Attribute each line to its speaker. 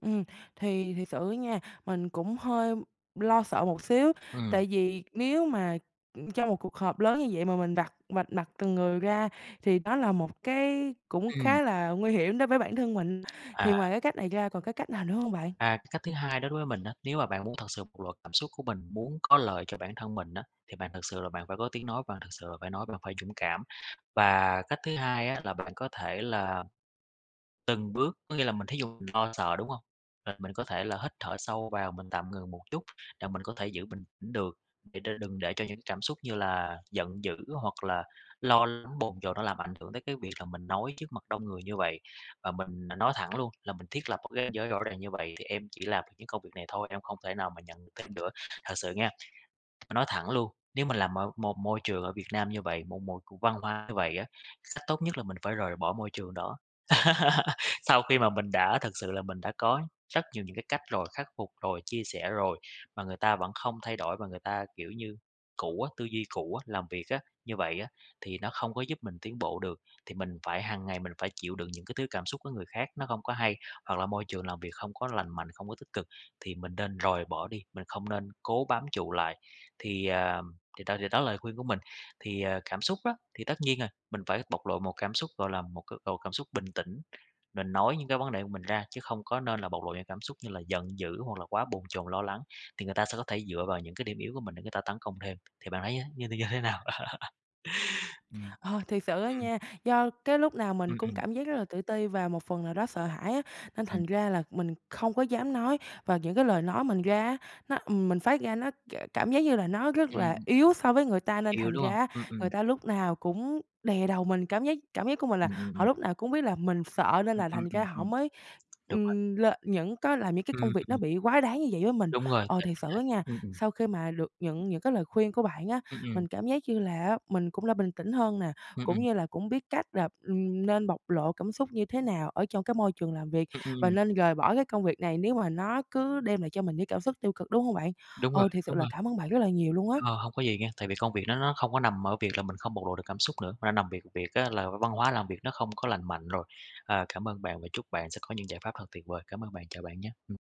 Speaker 1: Ừm, thì thiệt sự á nha, mình cũng hơi lo sợ một xíu,
Speaker 2: Ừm.
Speaker 1: tại vì nếu mà, ưm, trong 1 cuộc họp lớn như vậy mà mình vạch vạch mặt từng người ra thì đó là một cái cũng
Speaker 2: Ừm.
Speaker 1: khá là nguy hiểm đối với bản thân mình, thì
Speaker 2: À!
Speaker 1: ngoài cái cách này ra còn cái cách nào nữa hông bạn?
Speaker 2: À, cái cách thứ 2 đó đối với mình á, nếu mà bạn muốn thật sự muốn bộc lộ cảm xúc của mình, muốn có lợi cho bản thân mình á, thì bạn thực sự là bạn phải có tiếng nói, bạn thực sự là phải nói, là bạn phải dũng cảm. Và cách thứ 2 á là bạn có thể là từng bước, có nghĩa là mình thí dụ, mình lo sợ, đúng hông? Rồi mình có thể là hít thở sâu vào, mình tạm ngừng một chút, là mình có thể giữ bình tĩnh được, để cho đừng để cho những cảm xúc như là giận dữ, hoặc là lo lắng, bồn chồn nó làm ảnh hưởng tới cái việc là mình nói trước mặt đông người như vậy. Và mình n nói thẳng luôn, là mình thiết lập một cái ranh giới rõ ràng: "Như vậy thì em chỉ làm những công việc này thôi, em không thể nào mà nhận được thêm nữa." Thật sự nha, nói thẳng luôn, nếu mình làm ở 1 môi trường ở Việt Nam như vậy, một một văn hóa như vậy á, th cách tốt nhất là mình phải rời bỏ môi trường đó. Sau khi mà mình đã thực sự là mình đã có rất nhiều những cái cách rồi, khắc phục rồi, chia sẻ rồi, mà người ta vẫn không thay đổi và người ta, kiểu như, cũ á, tư duy cũ á, làm việc á, như vậy á, thì nó không có giúp mình tiến bộ được. Thì mình phải hàng ngày mình phải chịu đựng những cái thứ cảm xúc của người khác, nó không có hay, hoặc là môi trường làm việc không có lành mạnh, không có tích cực, thì mình nên rời bỏ đi, mình không nên cố bám trụ lại. Thì, à, thì đó thì đó là lời khuyên của mình, thì, à, cảm xúc á, thì tất nhiên rồi, mình phải bộc lộ một cảm xúc, gọi là, một cái độ cảm xúc bình tĩnh, mình nói những cái vấn đề của mình ra, chứ không có nên là bộc lộ những cảm xúc như là giận dữ hoặc là quá bồn chồn, lo lắng, thì người ta sẽ có thể dựa vào những cái điểm yếu của mình để người ta tấn công thêm, thì bạn thấy như th như thế nào? Ừm,
Speaker 1: Ờ, thiệt sự á
Speaker 2: ừm.
Speaker 1: nha, do cái lúc nào mình
Speaker 2: Ừm,
Speaker 1: cũng
Speaker 2: ừm.
Speaker 1: cảm giác rất là tự ti, và một phần nào đó sợ hãi á, nên
Speaker 2: Ừm.
Speaker 1: thành ra là mình không có dám nói. Và những cái lời nói mình ra á, nó, ừm, mình phát ra nó k cảm giác như là nó rất là
Speaker 2: Ừm.
Speaker 1: yếu so với người ta, nên
Speaker 2: Yêu,
Speaker 1: thành
Speaker 2: đúng
Speaker 1: ra
Speaker 2: không?
Speaker 1: á
Speaker 2: Ừm,
Speaker 1: người
Speaker 2: ừm.
Speaker 1: ta lúc nào cũng đè đầu mình. Cảm giác cảm giác của mình là
Speaker 2: Ừm, ừm,
Speaker 1: họ
Speaker 2: ừm.
Speaker 1: lúc nào cũng biết là mình sợ nên
Speaker 2: Ừm,
Speaker 1: là
Speaker 2: ừm,
Speaker 1: thành ra
Speaker 2: ừm,
Speaker 1: họ
Speaker 2: ừm,
Speaker 1: mới,
Speaker 2: đúng rồi.
Speaker 1: ừm, lên những có làm những cái công việc nó
Speaker 2: Ừm.
Speaker 1: bị quá đáng như vậy với mình.
Speaker 2: Đúng rồi,
Speaker 1: Ờ,
Speaker 2: tự
Speaker 1: thiệt
Speaker 2: mình
Speaker 1: sự
Speaker 2: thấy
Speaker 1: á nha,
Speaker 2: ừm, ừm.
Speaker 1: sau khi mà được nhận những cái lời khuyên của bạn á
Speaker 2: Ừm, ừm.
Speaker 1: mình cảm giác như là á mình cũng đã bình tĩnh hơn nè,
Speaker 2: Ừm,
Speaker 1: cũng
Speaker 2: ừm.
Speaker 1: như là cũng biết cách là, ừm, nên bộc lộ cảm xúc như thế nào ở trong cái môi trường làm việc
Speaker 2: Ừm,
Speaker 1: và
Speaker 2: ừm.
Speaker 1: nên rời bỏ cái công việc này nếu mà nó cứ đem lại cho mình những cảm xúc tiêu cực, đúng hông bạn?
Speaker 2: Đúng rồi,
Speaker 1: Ừ, thiệt sự
Speaker 2: đúng
Speaker 1: là
Speaker 2: rồi.
Speaker 1: cảm ơn bạn rất là nhiều luôn á.
Speaker 2: Ờ, hông có gì nha, tại vì công việc đó nó không có nằm ở việc là mình không bộc lộ được cảm xúc nữa, mà nằm việc việc á là v văn hóa làm việc nó không có lành mạnh rồi, ờ, cảm ơn bạn và chúc bạn sẽ có những giải pháp thật tuyệt vời, cám ơn bạn, chào bạn nhá, ừm.